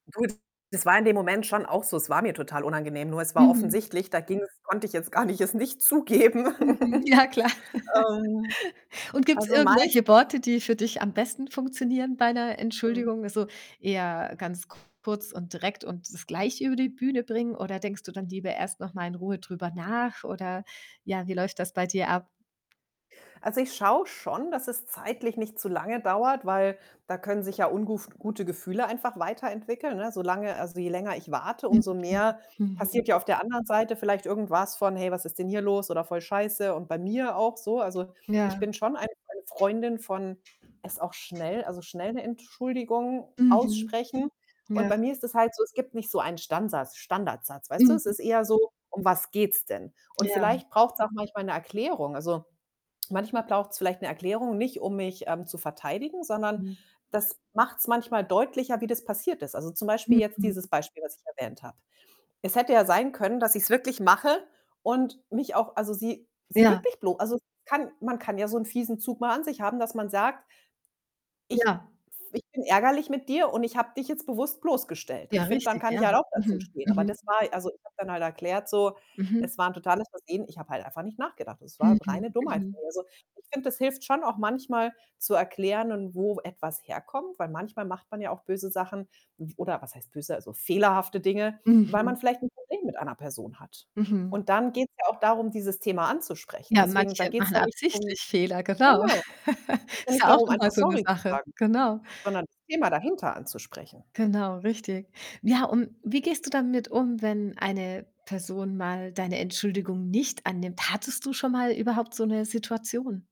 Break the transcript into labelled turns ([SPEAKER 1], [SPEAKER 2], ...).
[SPEAKER 1] Gut, das war in dem Moment schon auch so. Es war mir total unangenehm, nur es war
[SPEAKER 2] Mhm.
[SPEAKER 1] offensichtlich, da ging‘s konnte ich jetzt gar nicht es nicht zugeben.
[SPEAKER 2] Mhm. Ja, klar.
[SPEAKER 1] Ähm,
[SPEAKER 2] Und gibt‘s
[SPEAKER 1] also, meistens
[SPEAKER 2] irgendwelche Worte, die für dich am besten funktionieren bei ‘ner
[SPEAKER 1] Mhm.
[SPEAKER 2] Entschuldigung? Also, eher ganz kurz und direkt und das gleich über die Bühne bringen oder denkst du dann lieber erst noch mal in Ruhe drüber nach oder ja, wie läuft das bei dir ab?
[SPEAKER 1] Also, ich schaue schon, dass es zeitlich nicht zu lange dauert, weil da können sich ja unguf gute Gefühle einfach weiterentwickeln, ne? Solange also, je länger ich warte,
[SPEAKER 2] Mhm,
[SPEAKER 1] umso mehr
[SPEAKER 2] mhm.
[SPEAKER 1] passiert ja auf der anderen Seite vielleicht irgendwas von: „Hey, was ist denn hier los?“, oder: „Voll scheiße“ und bei mir auch so Also, ich
[SPEAKER 2] Ja.
[SPEAKER 1] bin schon eine eine Freundin von es auch schnell also, schnell ‘ne Entschuldigung
[SPEAKER 2] Mhm.
[SPEAKER 1] aussprechen. Und
[SPEAKER 2] Ja.
[SPEAKER 1] bei mir ist das halt so, es gibt nicht so einen Stansatz Standardsatz, weißt du? Es ist
[SPEAKER 2] Mhm.
[SPEAKER 1] eher so: „Um was geht‘s denn?“ Und
[SPEAKER 2] Ja.
[SPEAKER 1] vielleicht braucht‘s auch manchmal ‘ne Erklärung. Also, manchmal braucht‘s vielleicht ‘ne Erklärung, nicht, um mich, ähm, zu verteidigen, sondern
[SPEAKER 2] Mhm.
[SPEAKER 1] das macht‘s manchmal deutlicher, wie das passiert ist. Also, zum Beispiel jetzt
[SPEAKER 2] Mhm.
[SPEAKER 1] dieses Beispiel, was ich erwähnt habe. Es hätte ja sein können, dass ich‘s wirklich mache und mich auch also, sie sie
[SPEAKER 2] Ja.
[SPEAKER 1] wirklich blo also, kann man kann ja so ‘n fiesen Zug mal an sich haben, dass man sagt: „Ich f
[SPEAKER 2] Ja.
[SPEAKER 1] ich bin ärgerlich mit dir und ich habe dich jetzt bewusst bloßgestellt.“
[SPEAKER 2] Ja,
[SPEAKER 1] Ich finde, dann
[SPEAKER 2] richtig,
[SPEAKER 1] kann ich
[SPEAKER 2] ja.
[SPEAKER 1] halt auch da zu
[SPEAKER 2] Mhm.
[SPEAKER 1] stehen. Aber
[SPEAKER 2] Mhm.
[SPEAKER 1] das war also, ich habe dann halt erklärt so: „Es
[SPEAKER 2] Mhm.
[SPEAKER 1] war ‘n totales Versehen.” Ich habe halt einfach nicht nachgedacht. Das war
[SPEAKER 2] Mhm.
[SPEAKER 1] reine Dummheit von
[SPEAKER 2] Mhm.
[SPEAKER 1] mir, also, ich finde, das hilft schon auch manchmal zu erklären wo etwas herkommt, weil manchmal macht man ja auch böse Sachen. F oder was heißt böse, also, fehlerhafte Dinge, weil
[SPEAKER 2] Mhm.
[SPEAKER 1] man vielleicht ‘n Problem mit einer Person hat.
[SPEAKER 2] Mhm.
[SPEAKER 1] Und dann geht‘s ja auch darum, dieses Thema anzusprechen.
[SPEAKER 2] Ja,
[SPEAKER 1] Deswegen, da
[SPEAKER 2] manche
[SPEAKER 1] geht‘s
[SPEAKER 2] machen
[SPEAKER 1] dann nicht drum
[SPEAKER 2] absichtlich Fehler, genau.
[SPEAKER 1] genau, geht dann
[SPEAKER 2] Ist
[SPEAKER 1] nicht
[SPEAKER 2] ja auch
[SPEAKER 1] darum, einfach
[SPEAKER 2] nochmal so ‘ne
[SPEAKER 1] „Sorry“ zu
[SPEAKER 2] Sache,
[SPEAKER 1] sagen,
[SPEAKER 2] genau.
[SPEAKER 1] sondern das Thema dahinter anzusprechen.
[SPEAKER 2] Genau, richtig. Ja, und wie gehst du damit um, wenn eine Person mal deine Entschuldigung nicht annimmt? Hattest du schon mal überhaupt so ‘ne Situation?